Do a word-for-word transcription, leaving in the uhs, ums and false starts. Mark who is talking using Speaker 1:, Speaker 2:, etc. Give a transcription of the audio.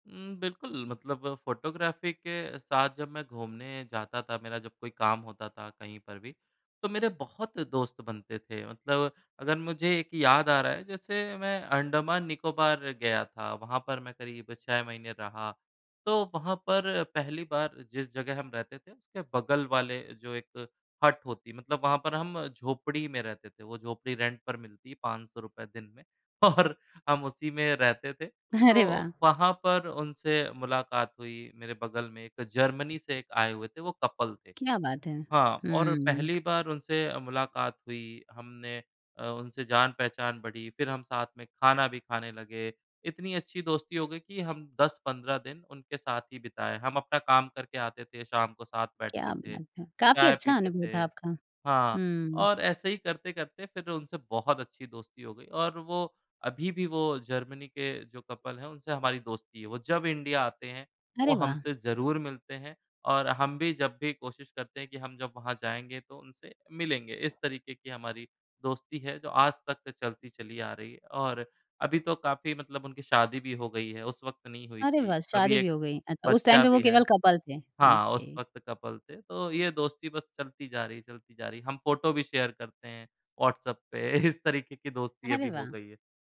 Speaker 1: उम, बिल्कुल, मतलब फ़ोटोग्राफ़ी के साथ जब मैं घूमने जाता था, मेरा जब कोई काम होता था कहीं पर भी, तो मेरे बहुत दोस्त बनते थे मतलब अगर मुझे एक याद आ रहा है, जैसे मैं अंडमान-निकोबार गया था, वहाँ पर मैं करीब छह महीने रहा, तो वहाँ पर पहली बार जिस जगह हम रहते थे, उसके बगल वाले जो एक हट होती है मतलब वहाँ पर हम झोंपड़ी में रहते थे, वो झोंपड़ी रेंट पर मिलती है पाँच सौ रुपये दिन में और हम उसी में रहते थे,
Speaker 2: अरे वाह!
Speaker 1: तो वहाँ पर उनसे मुलाकात हुई मेरे बगल में एक जर्मनी से एक आए हुए थे, वो कपल थे
Speaker 2: क्या बात है,
Speaker 1: हाँ, और
Speaker 2: हुँ, हुँ।
Speaker 1: पहली बार उनसे मुलाकात हुई हमने अ, उनसे जान-पहचान बढ़ी फिर हम साथ में खाना भी खाने लगे, इतनी अच्छी दोस्ती हो गई कि हम दस पंद्रह दिन उनके साथ ही बिताए, हम अपना काम करके आते थे, शाम को साथ बैठते
Speaker 2: क्या
Speaker 1: थे,
Speaker 2: बात है, काफ़ी
Speaker 1: चाय
Speaker 2: अच्छा
Speaker 1: पीते
Speaker 2: अनुभव
Speaker 1: थे
Speaker 2: था आपका,
Speaker 1: हाँ,
Speaker 2: हुँ।
Speaker 1: और ऐसे ही करते-करते फिर उनसे बहुत अच्छी दोस्ती हो गई और वो अभी भी वो जर्मनी के जो कपल हैं उनसे हमारी दोस्ती है। वो जब इंडिया आते हैं वो
Speaker 2: अरे वाह!
Speaker 1: हमसे ज़रूर मिलते हैं और हम भी जब भी कोशिश करते हैं कि हम जब वहाँ जाएँगे तो उनसे मिलेंगे। इस तरीके की हमारी दोस्ती है जो आज तक चलती चली आ रही है और अभी तो काफ़ी मतलब उनकी शादी भी हो गई है, उस वक़्त नहीं हुई
Speaker 2: अरे
Speaker 1: थी।
Speaker 2: वाह!
Speaker 1: अभी
Speaker 2: शादी भी
Speaker 1: एक
Speaker 2: हो गयी। अ, उस टाइम
Speaker 1: बच्चा
Speaker 2: पे वो
Speaker 1: भी है
Speaker 2: केवल कपल थे।
Speaker 1: हाँ,
Speaker 2: ओके।
Speaker 1: उस वक़्त कपल थे तो ये दोस्ती बस चलती जा रही है, चलती जा रही है। हम फोटो भी शेयर करते हैं व्हाट्सऍप पे इस तरीके की दोस्ती
Speaker 2: अरे
Speaker 1: अभी हो
Speaker 2: वाह!
Speaker 1: गई है।